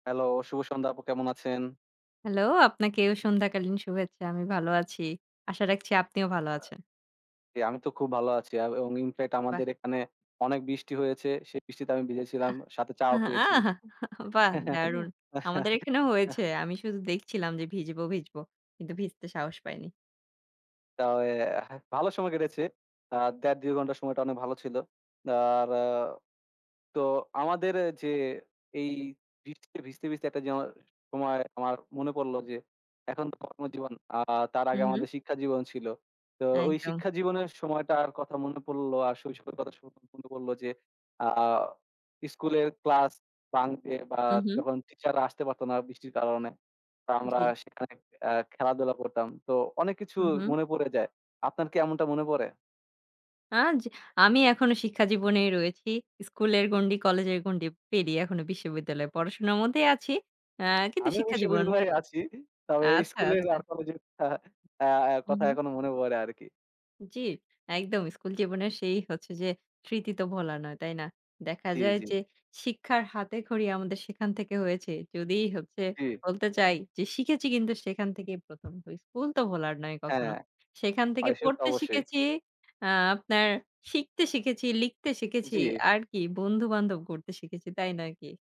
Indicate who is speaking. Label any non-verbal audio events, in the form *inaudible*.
Speaker 1: Hello, শুভ সন্ধ্যা আপু কেমন আছেন?
Speaker 2: Hello, আপনাকেও সন্ধ্যাকালীন শুভেচ্ছা। আমি ভালো আছি। আশা রাখছি আপনিও
Speaker 1: আও
Speaker 2: ভালো আছেন।
Speaker 1: জি আমি তো খুব ভালো আছি আ এবং in fact
Speaker 2: বাহ!
Speaker 1: আমাদের এখানে অনেক বৃষ্টি হয়েছে। সে বৃষ্টিতে আমি ভিজে
Speaker 2: অ্যা
Speaker 1: ছিলাম, সাথে চাও
Speaker 2: হ্যাঁ।
Speaker 1: খেয়েছি।
Speaker 2: আহাহা! *chuckles* বাহ! দারুন। আমাদের এখানেও
Speaker 1: *laughs*
Speaker 2: হয়েছে। আমি শুধু দেখছিলাম যে ভিজবো, ভিজবো। কিন্তু ভিজতে সাহস পাইনি।
Speaker 1: তবে ভালো সময় কেটেছে। আ ১.৫-২ ঘণ্টা সময়টা অনেক ভালো ছিল। আর তো আমাদের এ যে এই বৃষ্টিতে ভিজতে, ভিজতে একটা যেময় সময়ে আমার মনে পড়লো যে এখন তো কর্মজীবন, আ তার আগে
Speaker 2: হুম, হুম।
Speaker 1: আমাদের শিক্ষাজীবন ছিল। তো ওই
Speaker 2: একদম।
Speaker 1: শিক্ষাজীবনের সময়টার কথা মনে পড়লো আর শৈশবের কথা *unintelligible* মনে পড়লো যে আ স্কুলের ক্লাস bunk দিয়ে বা
Speaker 2: হুম, হুম।
Speaker 1: যখন টিচাররা আসতে পারত না বৃষ্টির কারণে, তা আমরা
Speaker 2: জি।
Speaker 1: সেখানে অ্যা খেলাধুলা করতাম। তো অনেক কিছু
Speaker 2: হুম, হুম।
Speaker 1: মনে পড়ে যায়। আপনার কি এমনটা মনে পড়ে?
Speaker 2: আজ আমি এখনো শিক্ষাজীবনেই রয়েছি। স্কুলের গন্ডি, কলেজের গন্ডি পেরিয়ে এখনো বিশ্ববিদ্যালয়ে পড়াশোনা মধ্যেই আছি। অ্যা কিন্তু
Speaker 1: আমিও
Speaker 2: শিক্ষাজীবন
Speaker 1: বিশ্ববিদ্যালয়েই আছি। তবে
Speaker 2: আচ্ছা,
Speaker 1: স্কুলের আর
Speaker 2: আচ্ছা।
Speaker 1: কলেজের থা আ
Speaker 2: হুম,
Speaker 1: কথা
Speaker 2: হুম।
Speaker 1: এখনও মনে পড়ে আরকি।
Speaker 2: জি, একদম। স্কুল জীবনের সেই হচ্ছে যে স্মৃতি তো ভোলার নয়, তাই না? দেখা
Speaker 1: জি,
Speaker 2: যায়
Speaker 1: জি।
Speaker 2: যে শিক্ষার হাতেখড়ি আমাদের সেখান থেকে হয়েছে। যদি হচ্ছে
Speaker 1: জি।
Speaker 2: বলতে চাই যে শিখেছি কিন্তু সেখান থেকেই ১ম। তো স্কুল তো ভোলার নয়
Speaker 1: হ্যাঁ।
Speaker 2: কখনো। সেইখান থেকে
Speaker 1: হয় সে তো
Speaker 2: পড়তে
Speaker 1: অবশ্যই।
Speaker 2: শিখেছি, আ আপনার শিখতে শিখেছি, লিখতে শিখেছি।
Speaker 1: জি।
Speaker 2: আরকি বন্ধু-বান্ধব গড়তে শিখেছি, তাই নয় কি?